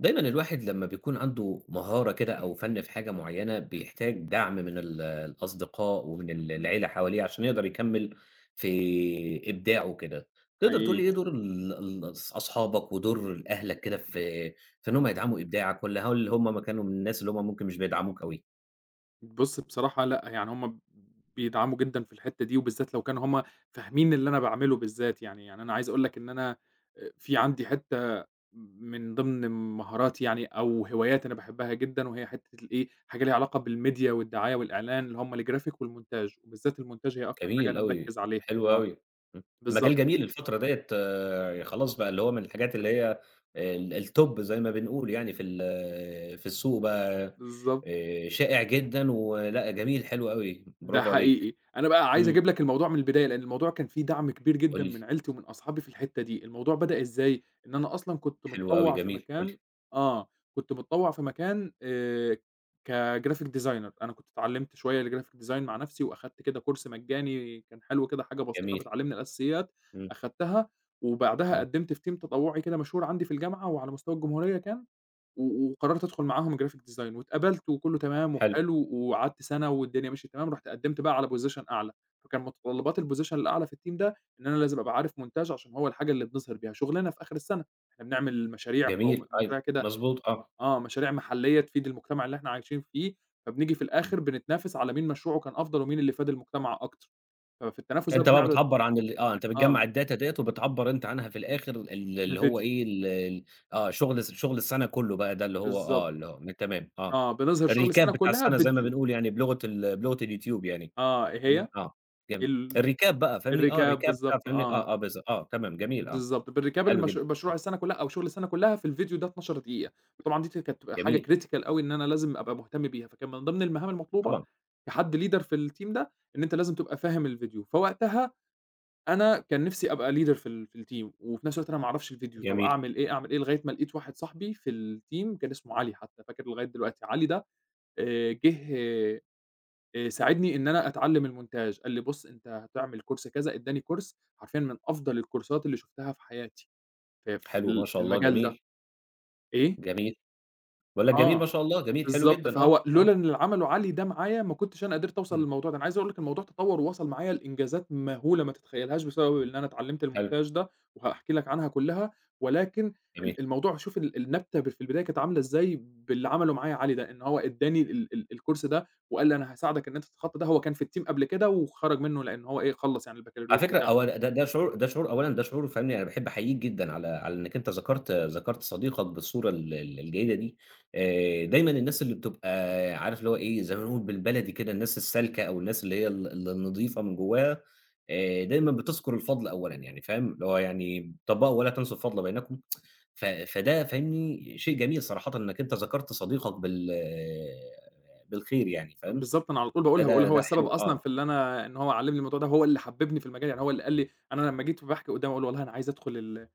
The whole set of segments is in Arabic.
دايمًا الواحد لمّا بيكون عنده مهارة كده أو فن في حاجة معينة بيحتاج دعم من ال الأصدقاء ومن ال العيلة حواليه عشان يقدر يكمّل في إبداعه وكده. تقدر تقول لي حقيقي. إيه دور ال الأص أصحابك ودور أهلك كده في في إن هُم يدعموا إبداعك والّا هل هُم كانوا من الناس اللي هُم ممكن مش بيدعموك أوي؟ بُص بصراحة لأ، يعني هُم بيدعموا جدًا في الحتّة دي وبالذات لو كانوا هُم فاهمين اللي أنا باعمله بالذات يعني، يعني أنا عايز أقول لك إن أنا آآ، في عندي حتّة م من ضمن مهاراتي يعني أو هوايات أنا باحبها جدًا وهي حتّة الإيه، حاجة ليها علاقة بالMedia والدعاية والإعلان اللي هُم الGraphic والmontage وبالذات الmontage هي أكتر حاجة جميل أنا أوي، مركّز عليها حلو آه، أوي، امم، بالضبط. المجال جميل الفترة ديّة خلاص بقى اللي هو من الحاجات اللي هي آآ، ال الTop زي ما بنقول يعني في ال في السوق بقى بالضبط. آآ، شائع جدًا ولأ جميل حلو أوي، ده برافو عليك. حقيقي، أنا بقى عايز إمم. أجيب لك الموضوع من البداية؛ لأن الموضوع كان فيه دعم كبير قُل جدًا لي. من عيلتي ومن أصحابي في الحتّة دي، الموضوع بدأ إزاي؟ إن أنا أصلًا كنت حلو أوي، متطوّع في جميل، قُل لي. مكان آه، كنت متطوّع في مكان آآ، كGraphic designer أنا كنت اتعلّمت شوية الGraphic design مع نفْسي وأخدت كده Course مجاني كان حلو كده حاجة بسيطة جميل. بتعلّمني الأساسيات، إمم. أخدتها وبعدها إمم. قدمت في team تطوعي كده مشهور عندي في الجامعة وعلى مستوى الجمهورية كان و وقررت أدخل معاهم Graphic design، واتقبلت وكُلّه تمام حلو. وحلو وقعدت سنة والدنيا ماشية تمام رُحت قدمت بقى على Position أعلى، فكان متطلبات الPosition الأعلى في team ده إن أنا لازم أبقى عارف montage عشان هو الحاجة اللي بنظهِر بيها شغلنا في آخر السنة، إحنا بنعمل مشاريع قوم جميل أيوه. مشاريع كده مضبوط آه. آه، مشاريع محلّية تفيد المجتمع اللي إحنا عايشين فيه فبنيجي في إمم. الآخر بنتنافس على مين مشروعه كان أفضل ومين اللي فاد المجتمع أكتر، ففي التنافس ده فأنت بقى بنعرض بتعبّر عن ال آه، أنت آه. بتجمّع الData ديّة وبتعبّر أنت عنها في الآخر ال اللي هو بفيديو. إيه، ال ال آه شغل الس شغل السنة كُلّه بقى ده اللي هو بالضبط. آه، اللي هو تمام، آه. آه بنظهِر شغل الRecap السنة بتاع كُلها السنة زي ما بفيديو. بنقول يعني بلُغة ال بلُغة اليوتيوب يعني، آه إيه يعني هي؟ آه جم ال الRecap بقى فاهمني، آه الRecap الRecap بتاع بالضبط فاهمني، آه. آه، آه، بالض آه تمام، جميل آه، بالضبط. بrecap حلو المش جدًا مشروع آه. السنة كُلها أو شغل السنة كُلها في الفيديو ده 12 دقيقة، وطبعًا دي ت كانت بتبقى حاجة جميل. critical أوي إن أنا لازم أبقى مهتم بيها فكان من ضمن المهام المطلوبة طبعًا. كحد leader في الteam ده إن أنت لازم تبقى فاهم الفيديو، فوقتها أنا كان نفْسي أبقى leader في ال في الteam وفي نفس الوقت أنا ما أعرفش الفيديو طَب جميل. أعمل إيه! أعمل إيه! لغاية ما لاقيت واحد صاحبي في الteam كان اسمه علي حتّى. فاكره لغاية دلوقتي، علي ده آآ، جِه آآ، ساعدني إن أنا أتعلّم الmontage قال لي: "بُص أنت هتعمل Course كذا" ادّاني Course حرفيًا من أفضل الكورسات اللي شُفتها في حياتي، في في حلو، ما ال في شاء الله المجال ده، جميل. إيه؟ جميل. باقول لك جميل ما آه. شاء الله، جميل حلو بالضبط، جدًا آه، فهو آه. لولا إن اللي عمله علي ده معايا ما كنتش أنا قدرت أوصل إمم. للموضوع ده. أنا عايز أقول لك الموضوع تطوّر ووصل معايا لإنجازات مهولة ما تتخيلهاش بسبب إن أنا اتعلّمت حلو. الmontage ده، وهاحكي لك عنها كُلها، ولكن جميل. ال الموضوع شوف ال النبتة ب في البداية كانت عاملة إزاي باللي عمله معايا علي، ده إن هو ادّاني ال ال الCourse ده وقال لي: "أنا هاساعدَك إن أنت تتخطى ده"، هو كان في الteam قبل كده وخرج منّه؛ لأن هو إيه، خلّص يعني على البكالوريوس فكرة بتاعه. أول ده ده شعور ده شعور أولًا ده شعور فاهمني، أنا باحب أحييك جدًا على على إنّك أنت ذكرت ذكرت صديقك بالصورة ال ال الجيدة دي. آآ دايمًا الناس اللي بتبقى عارف اللي هو إيه، زي ما بنقول بالبلدي كده الناس السالكة أو الناس اللي هي ال النظيفة من جواها آآ، دايمًا بتذكر الفضل أولًا يعني فاهم، اللي هو يعني طبّقوا "ولا تنسوا الفضل بينكم" ف فده فاهمني، شيء جميل صراحةً إنّك أنت ذكرت صديقك بال بالخير يعني فاهم، بالضبط، أنا على طول باقولها، باقول فده هو ده السبب حلو، أصلًا في آه. اللي أنا إن هو علّمني الموضوع ده، هو اللي حببني في المجال، يعني هو اللي قال لي أنا لمّا جيت باحكي قدامه أقول: "والله أنا عايز أدخل ال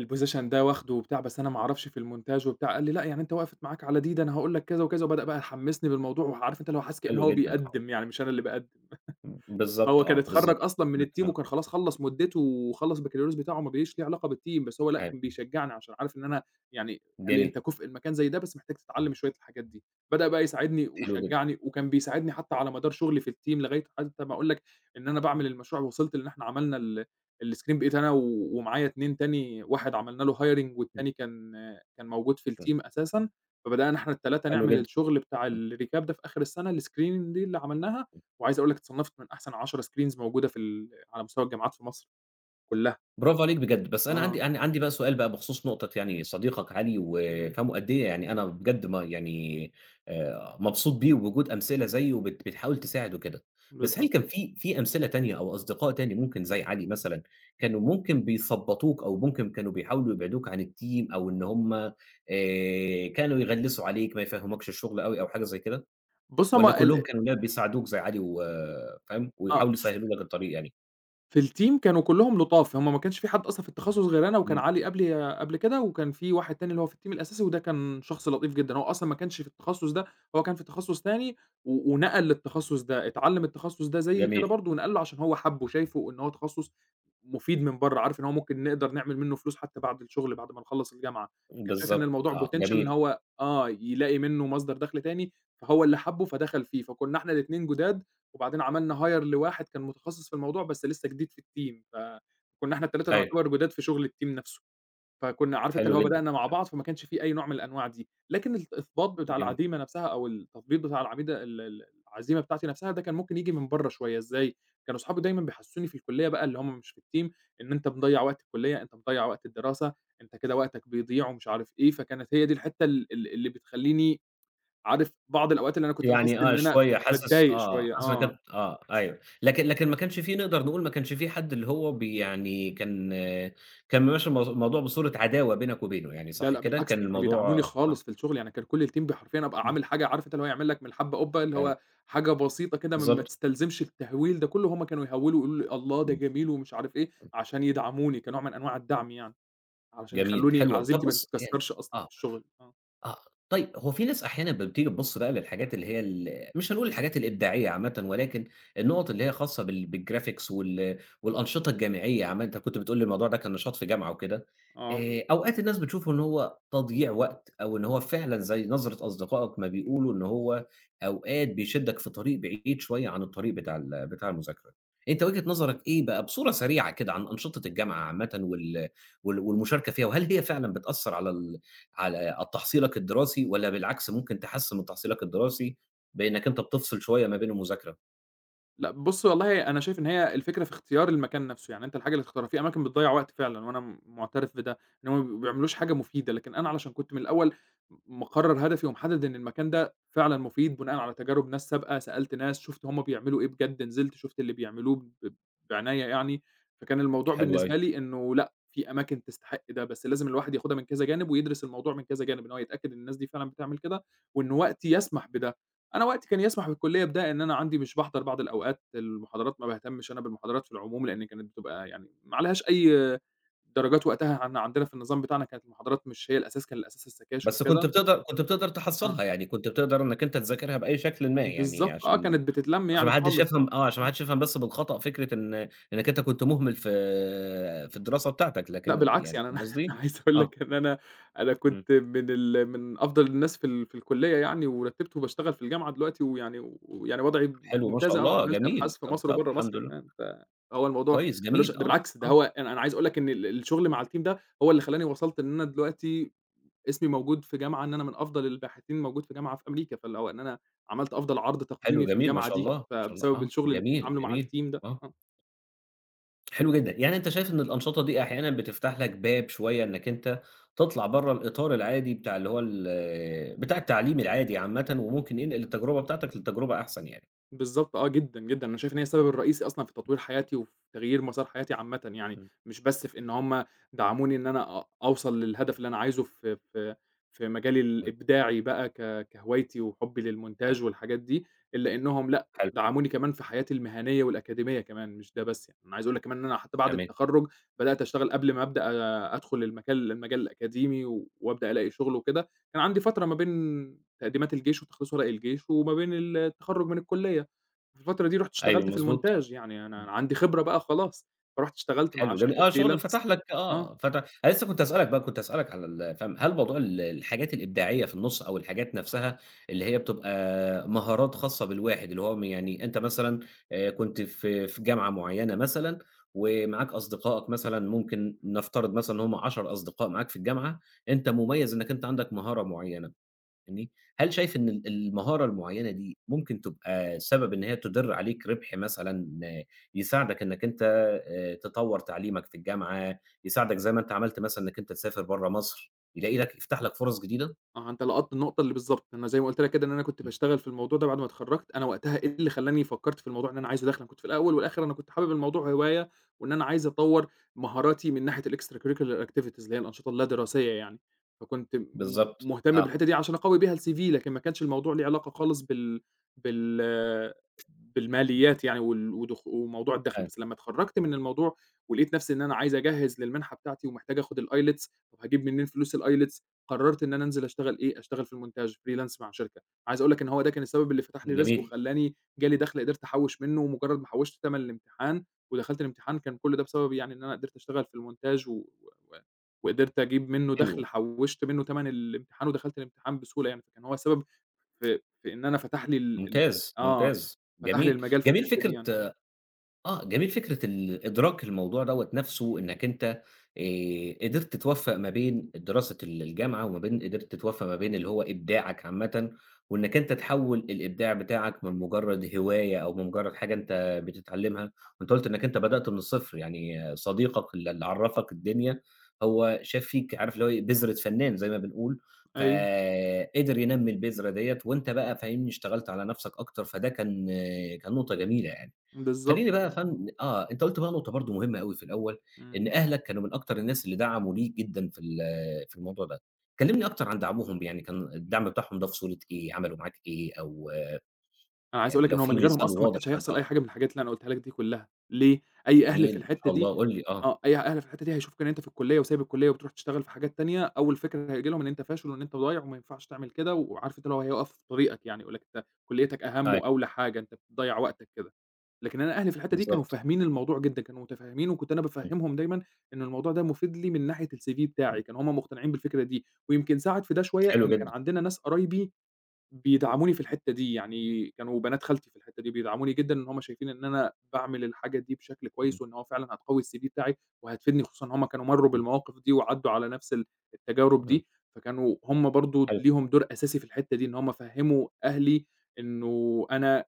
الPosition ده واخده وبتاع بس أنا ما أعرفش في الmontage وبتاع"، قال لي: "لأ، يعني أنت وقفِت معاك على دي؟ ده أنا هاقول لك كذا وكذا"، وبدأ بقى يحمّسني بالموضوع وعارف أنت اللي هو حاسس كأن حلو هو جدًا. آه. بيقدّم يعني مش أنا اللي باقدّم. ب بالضبط هو كان آه، اتخرّج بالضبط. أصلًا من إمم الteam آه. وكان خلاص خلّص مدته وخلّص البكالوريوس بتاعه وما بقاش ليه علاقة بالteam، بس هو لأ حلو. كان بيشجعني عشان عارف إن أنا يعني قال لي: جميل. "أنت كُفء لمكان زي ده بس محتاج تتعلّم شوية الحاجات دي."، بدأ بقى يساعدني حلو جدًا. وشجعني وكان بيساعدني حتّى على مدار شغلي في الteam لغاية حتى ما أقول لك إن أنا إمم. باعمل المشروع و وصلت لإن إحنا عملنا ال الscreen بقيت أنا و ومعايا 2 تاني، واحد عملنا له hiring إمم. والتاني كان كان موجود في إمم. الteam أساسًا، فبدأنا إحنا ال3 حلو نعمل جدًا. الشغل بتاع إمم. الrecap ده في آخر السنة الscreening دي اللي عملناها، إمم. وعايز أقول لك اتصنفت من أحسن 10 screens موجودة في ال على مستوى الجامعات في مصر، كُلها. برافو عليك بجد، بس أنا عندي آه. ع عندي بقى سؤال بقى بخصوص نقطة يعني صديقك علي و إمم. فاهم، قد إيه يعني أنا بجد ما يعني آآ، مبسوط بيه وبوجود أمثلة زيّه وبت بتحاول تساعد وكده، بس هل بالضبط. كان في في أمثلة تانية أو أصدقاء تاني ممكن زي علي مثلًا كانوا ممكن بيثبطوك أو ممكن كانوا بيحاولوا يبعدوك عن الteam أو إن هُم آآ، كانوا يغلّسوا عليك، ما يفهموكش الشغل أوي أو حاجة زي كده؟ بُص هُم والّا كلهم ال كانوا لا بيساعدوك زي علي و فاهم، آه. ويحاولوا يسهّلوا لك الطريق يعني؟ في الTeam كانوا كلّهم لطاف، هُم ما كانش في حد أصلًا في التخصص غير أنا وكان امم. علي قبلي قبل كده وكان في واحد تاني اللي هو في الTeam الأساسي وده كان شخص لطيف جدًا، هو أصلًا ما كانش في التخصص ده، هو كان في التخصص تاني، و ونقَل للتخصص ده، اتعلّم التخصص ده زيي كده جميل. برضو ونقَل له، عشان هو حَبّه، شايفه إن هو تخصص مفيد من برّه، عارف إن هو ممكن نقدر نعمل منه فلوس، حتّى بعد الشغل، بعد ما نخلّص الجامعة، كان شايف إن بالضبط الموضوع آه، Potential إن جميل. هو آه يلاقي منه مصدر دَخْل تاني، فهو اللي حَبّه فدخل فيه، فكنا إحنا الاتنين جداد، وبعدين عملنا Hire لواحد كان متخصص في الموضوع، بس لسه جديد في الTeam فكنا إحنا ال3 أيوه. نعتبر جداد في شغل الTeam نَفْسه، فكنا عارف أنت حلو اللي هو جدًا، بدأنا مع حلو. بعض، فما كانش في أي نوع من الأنواع دي، لكن الإثباط بتاع جميل. العزيمة نَفْسها أو التثبيط بتاع العميدة ال ال العزيمة بتاعتي نَفْسها، ده كان ممكن ييجي من برّه شويّة إزاي، كانوا أصحابي دايمًا بيحسسوني في الكلية بقى اللي هُم مش في الTeam إن أنت مضيّع وقت الكلية، أنت مضيّع وقت الدراسة، أنت كده وقتك بيضيع ومش عارف إيه، فكانت هي دي الحتّة ال ال اللي بتخليني، عارف بعض الأوقات اللي أنا كُنت باحِس يعني آه إن أنا شويّة حاسس باتضايق آه، شويّة، حاسس إن آه. كانت آه أيوه، لكن لكن ما كانش في نقدر نقول ما كانش في حد اللي هو بي يعني كان كان ممشّي الم الموضوع بصورة عداوة بينك وبينه يعني لا صح لأ كده؟ بالعكس، كان دول كانوا بيدعموني الموضوع آه. خالص في الشغل، يعني كان كل الTeam ب حرفيًا، أبقى امم. عامل حاجة، عارف أنت اللي هو هيعمل لك من الحبة قُبّة، اللي أيوه. هو حاجة بسيطة كده م ما بالضبط. تستلزمش التهوّيل ده كله، هُم كانوا يهوّلوا يقولوا لي الله ده امم. جميل ومش عارف إيه، امم. عشان يدعموني، كنوع من أنواع الدعم يعني، عشان جميل يخلوني حلو أوي، طَب عزيمتي ما بُص يعني تتكسّرش أصلًا في آه، الشغل، آه. آه طيّب، هو في ناس أحيانًا لمّا بتيجي بتبُص بقى للحاجات اللي هي ال مش هنقول الحاجات الإبداعية عامةً ولكن النقط اللي هي خاصة بال بالGraphics وال والأنشطة الجامعية عامةً، أنت كُنت بتقول لي الموضوع ده كان نشاط في جامعة وكده، آه. آآ أوقات الناس بتشوفه إن هو تضييع وقت أو إن هو فعلًا زي نظرة أصدقائك ما بيقولوا إن هو، أوقات بيشدك في طريق بعيد شويّة عن الطريق بتاع ال بتاع المذاكرة، أنت وجهة نظرك إيه بقى بصورة سريعة كده عن أنشطة الجامعة عامةً وال وال والمشاركة فيها وهل هي فعلًا بتأثّر على ال على ال تحصيلك الدراسي والّا بالعكس ممكن تحسّن من تحصيلك الدراسي، بأنك أنت بتفصل شوية ما بين المذاكرة؟ لأ بُصّ، والله أنا شايف إن هي الفكرة في اختيار المكان نفْسه، يعني أنت الحاجة اللي تختارها، فيه أماكن بتضيّع وقت فعلًا وأنا مُعترف بده، إن هُمّ بيبقوا ما بيعملوش حاجة مُفيدة، لكن أنا علشان كنت من الأول مقرر هدفي ومحدد إن المكان ده فعلًا مُفيد بناءً على تجارب ناس سابقة، سألت ناس شُفت هُمّ بيعملوا إيه بجد نزلت شُفت اللي بيعملوه ب بعناية يعني، فكان الموضوع حلو بالنسبة أوي. لي إنه لأ، فيه أماكن تستحق ده بس لازم الواحد ياخدها من كذا جانب ويدرس الموضوع من كذا جانب، إن هو يتأكد إن الناس دي فعلًا بتعمل كده وإنه وقتي يسمح بده. أنا وقتي كان يسمح بالكُلِّية بده إن أنا عندي مش باحضر بعض الأوقات المحاضرات ما باهتمش أنا بالمحاضرات في العموم، لأني كانت بتبقى يعني ما عليهاش أي درجات وقتها عن عندنا في النظام بتاعنا كانت المحاضرات مش هي الأساس كان الأساس السكاشن بس كُنت وكده. بتقدر كُنت بتقدر آه. تحصّلها يعني كُنت بتقدر إنك أنت تذاكرها بأي شكلٍ ما يعني بالضبط آه، عشان كانت بتتلم عشان يعني ما حدش خالص آه، يفهم آه، عشان ما إمم. حدش يفهم بس بالخطأ فكرة إن إنك أنت كنت مُهمل في في الدراسة بتاعتك لأ لكن بالعكس يعني يعني فاهم قصدي؟ أنا عايز أقول آه. لك إن أنا، أنا إمم. كُنت من ال من أفضل الناس في ال في الكُلِّية يعني ورتبت وباشتغل في الجامعة دلوقتي ويعني ويعني وضعي حلو، ما شاء ممتاز، آه، الله وعملت جميل، أبحاث في طَب مصر طَب وبرا الحمد مصر لله. كمان، فهو الموضوع كويس مالوش جميل، ده آه، بالعكس ده آه. هو أنا أنا عايز أقول لك إن ال الشغل مع الteam ده هو اللي خلّاني وصلت إن أنا دلوقتي اسمي موجود في جامعة إن أنا من أفضل الباحثين موجود في جامعة في أمريكا، فاللي هو إن أنا عملت أفضل عرض حلو تقديمي في جميل ما الجامعة شاء دي الله، ما شاء الله، فبسبب آه، الشغل اللي كنت جميل، عامله مع جميل، الteam ده، آه. آه. حلو جدًا، يعني أنت شايف إن الأنشطة دي أحيانًا بتفتح لَك باب شوية إنَّك أنت تطلع برّا الإطار العادي بتاع اللي هو ال بتاع التعليم العادي عامةً وممكن ينقل التجربة بتاعتَك للتجربة أحسن يعني. بالضبط آه، جدًا، جدًا، أنا شايف إن هي السبب الرئيسي أصلًا في [unintelligible] تطوير حياتي وفي تغيير مصار حياتي عامةً يعني، إمم. مش بس في إن هُم دعموني إن أنا أ أوصل للهدف اللي أنا عايزه في في في مجالي حلو. الإبداعي بقى ك كهوايتي وحُبّي [unintelligible] للمونتاج والحاجات دي إلّا إنهم لأ حلو. دعموني كمان في حياتي المهنية والأكاديمية كمان مش ده بس يعني، أنا عايز أقول لَك كمان إن أنا حتّى بعد جميل. التخرّج بدأت أشتغل قبل ما أبدأ أدخل المجال المجال الأكاديمي وأبدأ ألاقي شغل وكده كان عندي فترة ما بين تقديمات الجيش وتخليص ورق الجيش وما بين ال التخرّج من الكلية، في الفترة دي رُحت أيوه، اشتغلت في مضبوط، المونتاج، يعني إمم. أنا عندي خبرة بقى خلاص، فرُحت اشتغلت مع حلو جميل شركة آه، شغل فتح freelance لَك آه. آه فتح أنا لسّه كنت هاسأل لَك بقى كنت هاسأل لَك على ال فهم هل موضوع ال الحاجات الإبداعية في النُص أو الحاجات نفسها اللي هي بتبقى مهارات خاصّة بالواحد، اللي هو يعني أنت مثلًا آآ، كنت في في جامعة معينّة مثلًا ومعاك أصدقائَك مثلًا ممكن نفترض مثلًا هُم 10 أصدقاء معاك في الجامعة أنت مميّز إنَّك أنت عندَك مهارة معيّنة فاهمني، هل شايف إن ال المهارة المعيّنة دي ممكن تبقى سبب إن هي تُدِر عليك ربح مثلًا يساعدَك إنَّك أنت آآ، تطوّر تعليمَك في الجامعة يساعدَك زَي ما أنت عملت مثلًا إنَّك أنت تسافر برّا مصر، يلاقي لَك يفتح لك فُرص جديدة؟ آه، أنت لقطت النقطة اللي بالضبط أنا زَي ما قُلت لك كده إن أنا كنت إمم. باشتغل في الموضوع ده بعد ما اتخرجت أنا وقتها إيه اللي خلّاني فكّرت في الموضوع إن أنا عايز أدخل أنا كنت في الأول والآخر أنا كنت حابب الموضوع هواية وإن أنا عايز أطوّر مهاراتي من ناحية الextracurricular activities اللي هي الأنشطة اللا دراسية يعني فكنت م بالضبط مهتم آه. بالحتّة دي علشان أقوي بها الCV لكن ما كانش الموضوع لي علاقة خالص بال بال [unintelligible] بالماليات يعني وال ودخ وموضوع الدخل، حلو. بس لمّا تخرجت من الموضوع ولقيت نفسي إن أنا عايز أجهّز للمنحة بتاعتي ومحتاج أخد الILETS هاجيب منين فلوس الILETS قررت إن أنا أنزل أشتغل إيه أشتغل في المونتاج freelance مع شركة، عايز أقول لَك إنّه هو ده كان السبب اللي فتح لي رزق جميل. وخلّاني جالي دخل قدرت أحوّش منّه، مجرد ما حوّشت تمن الامتحان ودخلت الامتحان كان كل ده بسبب يعني إن أنا قدرت أشتغل في المونتاج و وقدرت أجيب منّه حلو. دخل حوّشت منّه تمن الامتحان ودخلت الامتحان بسهولة يعني، فكان هو سبب في في إن أنا فتح لي ال ال ممتاز، -آه، ممتاز، فتح لي جميل، المجال في جميل الحتّة دي فكرة يعني آه. آآ جميل فكرة ال إدراك الموضوع دوّة نفسْه إنَّك أنت آآ، قدرت توفّق ما بين الدراسة ال الجامعة وما بين قدرت توفّق ما بين اللي هو إبداعَك عامةً وإنَّك أنت تحوّل الإبداع بتاعَك من مجرد هواية أو من مجرد حاجة أنت بتتعلمها، وأنت قُلت إنَّك أنت بدأت من الصفر يعني صديقَك ال اللي عرّفك الدنيا هو شاف فيك عارف اللي هو بذرة فنان زَي ما بنقول، ف أيوه. قدر ينمّي البذرة ديّة، وأنت بقى فاهمني، اشتغلت على نفسَك أكتر فده كان كان نقطة جميلة يعني، بالضبط خليني بقى يا آه. فن آه، أنت قُلت بقى نقطة برضه مهمّة أوي في الأول إمم. إن أهلَك كانوا من أكتر الناس اللي دعموا ليك جدًا في ال في الموضوع ده، كلمني أكتر عن دعمهم يعني كان الدعم بتاعهم ده في صورة إيه عملوا معاك إيه؟ أو أنا عايز أقول يعني لَك لو إن هو في من غيرهم مثال أصلًا ما واضح كانش كان هيحصل آه. أي حاجة من الحاجات اللي أنا قولتها لَك دي كُلّها، ليه؟ أي أهل جميل، في ما شاء الحتّة دي الله، قُل لي، آه. آه أي أهل في الحتّة دي هيشوفوا إن أنت في الكلية وسايب الكلية وبتروح تشتغل في حاجات تانية أول فكرة هييجي لهم إن أنت فاشل وإن أنت ضايع وما ينفعش تعمل كده، وعارف أنت هيقف في طريقَك يعني يقول لَك أنت كلّيتَك أهم أيوه. وأوّلى حاجة أنت بتضيّع وقتَك كده، لكن أنا أهلي في الحتّة دي كانوا بالضبط. فاهمين الموضوع جدًا كانوا متفهمين وكنت أنا إمم. بافهمهم دايمًا إنّه الموضوع ده مفيد ليه من ناحية الCV إمم. بتاعي، كانوا هُم مقتنعين بالفكرة دي، ويمكن ساعد في ده شوية حلو إن كان جدًا. عندنا ناس قرايبي بيدعموني في الحتّة دي يعني كانوا بنات خالتي في الحتّة دي بيدعموني جدًا إن هُم شايفين إن أنا باعمل الحاجة دي بشكل إمم. كويس وإن هو فعلًا هتقوّي الCV بتاعي وهتفيدني خصوصًا هُم كانوا مرّوا إمم. بالمواقف دي، وعدّوا على نفس ال التجارب إمم. دي، فكانوا هُم برضه حلو. ليهم دور أساسي في الحتّة دي إن هُم فهّموا أهلي إنّه أنا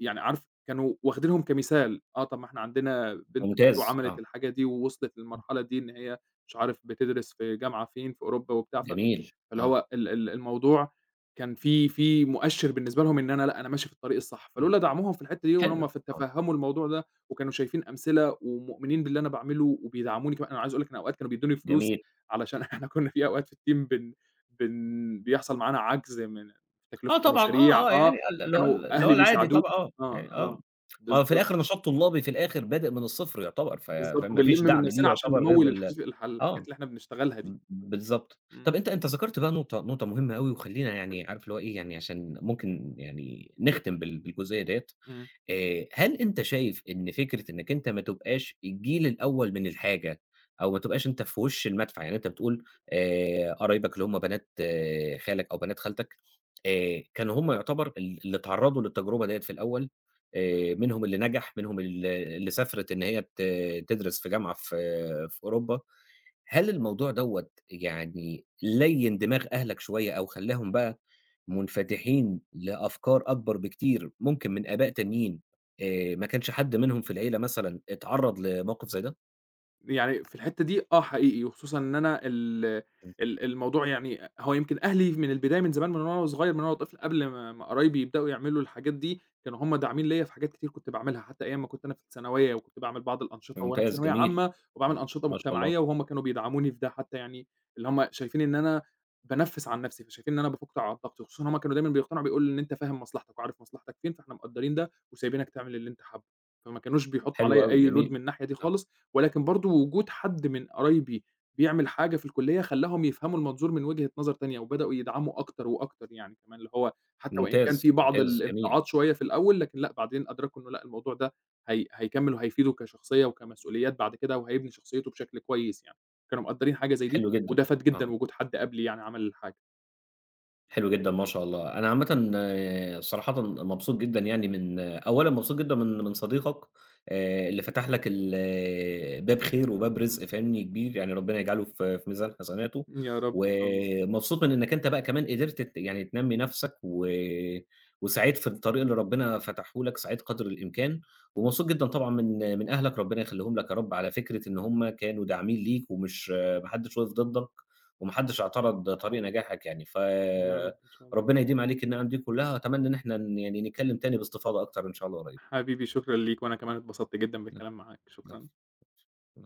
يعني عارف كانوا واخدينهم كمثال آه، طَب إحنا عندنا بنت خالته ممتاز، عملت آه. الحاجة دي ووصلت إمم. للمرحلة دي إن هي مش عارف بتدرس في جامعة فين في أوروبا وبتاع، فاللي جميل، آه. هو ال ال الموضوع كان في في مؤشر بالنسبة لهم إن أنا لأ أنا ماشي في الطريق الصح، إمم، فلولا دعموهم في الحتّة دي حلو، وهُم ف آه. تفهموا الموضوع ده وكانوا شايفين أمثلة ومؤمنين باللي أنا باعمله وبيدعموني كمان، أنا عايز أقول لَك إن الأوقات كانوا بيدوني فلوس جميل. علشان إحنا كنا في أوقات في الteam بن بن بيحصل معانا عجز من آه تكلفة طبعًا، المشاريع آه، آه، آه، يعني ال اللي هو فكانوا ال اللي هو أهلي العادي بيساعدوا طبعًا آه آه، يعني آه آه، مهو في بالضبط. الآخر نشاط طلابي في الآخر بادئ من الصفر يعتبر ف بالضبط، وبنلم فمافيش من دعم ليه نفسنا علشان يعتبر غير نموّل بال الحج الح آه، الحاجات اللي إحنا بنشتغلها دي. ب بالضبط طَب إمم. أنت أنت ذكرت بقى نقطة نقطة مهمّة أوي وخلينا يعني عارف لو هو إيه يعني علشان ممكن يعني نختم بال بالجزئية ديّة إمم. آآ، هل أنت شايف إن فكرة إنَّك أنت ما تبقاش الجيل الأول من الحاجة أو ما تبقاش أنت في وش المدفع، يعني أنت بتقول آآ، قرايبك اللي هُم بنات آآ، خالك أو بنات خالتك آآ، كانوا هُم يعتبر ال اللي اتعرضوا للتجربة دي في الأول آآ، منهم اللي نجح منهم ال اللي سافرت إن هي ت تدرس في جامعة في في أوروبا، هل الموضوع دوّة يعني ليّن دماغ أهلَك شوية أو خلّاهم بقى منفتحين لأفكار أكبر بكتير ممكن من آباء تانيين آآ، ما كانش حد منهم في العيلة مثلًا اتعرّض لموقف زَي ده؟ يعني في الحِتّة دي آه حقيقي، وخصوصًا إن أنا ال امم. ال الموضوع يعني هو يمكن أهلي من البداية من زمان من وأنا وصغيّر، من وأنا طفل قبل ما ما قرايبي يبدؤوا يعملوا الحاجات دي كانوا هُم داعمين ليَّ في حاجات كتير كنت باعملها، حتى أيام ما كنت أنا في الثانوية وكنت باعمل بعض الأنشطة وأنا في ممتاز، ثانوية جميل، عامة وباعمل امم، أنشطة ما شاء الله. مُجتمعية وهُم كانوا بيدعموني في ده، حتى يعني اللي هم شايفين إن أنا بانفِّس عن نَفْسي، فشايفين إن أنا بافُك على الضغط، وخصوصًا هُم كانوا دايمًا بيقتنعوا بيقولوا: "إن أنت فاهم مصلحتك، وعارف مصلحتك فين فاحنا مقدّرين وسايبينك تعمل اللي أنت حابّه."، فما كانوش بيحطّوا حلو عليَّ أوي، أي load جميل، من الناحية دي آه. خالص، ولكن برضه وجود حد من قرايبي بيعمل حاجة في الكُلّية خلّاهم يفهموا المنظور من وجهة نظر تانية وبدؤوا يدعموا أكتر وأكتر يعني، كمان اللي هو حتى وإن كان في ممتاز، بعض ممتاز، جميل. الامتعاض شوية في الأول، لكن لأ بعدين أدركوا إنه لأ الموضوع ده هي هيكمِّل وهيفيده كشخصية وكمسؤوليات بعد كده وهيبني شخصيته بشكل كويس يعني، كانوا مقدّرين حاجة زي دي حلو جدًا، وده فاد آه. جدًا وجود حد قبلي يعني عمل الحاجة. حلو جدًا ما شاء الله، أنا عامةً، صراحةً مبسوط جدًا يعني من أولًا مبسوط جدًا من من صديقك آآ، اللي فتح لك ال باب خير وباب رِزق فاهمني، كبير يعني، ربنا يجعله في في ميزان حسناته، يا رب، إن شاء الله. ومبسوط من إنك أنت بقى كمان قدِرت ت يعني تنمّي نَفْسك و وسعيت في الطريق اللي ربنا فتحه لك، سعيت قدْر الإمكان ومبسوط جدًا طبعًا من من أهلك ربنا يخلّيهم لك يا رب، على فكرة إن هُم كانوا داعمين ليك ومش ما حدّش وقَف ضدّك وما حدّش اعترض طريق نجاحك يعني ف يا رب، إن شاء الله. ربنا يديم عليك النِّعَم دي كلّها وأتمنّى إن إحنا ن يعني نتكلّم تاني باستفاضة أكتر إن شاء الله قريب. حبيبي، شكرًا ليك، وأنا كمان اتبسطت جدًا امم. بالكلام معاك، العفو شكرًا. [unintelligible]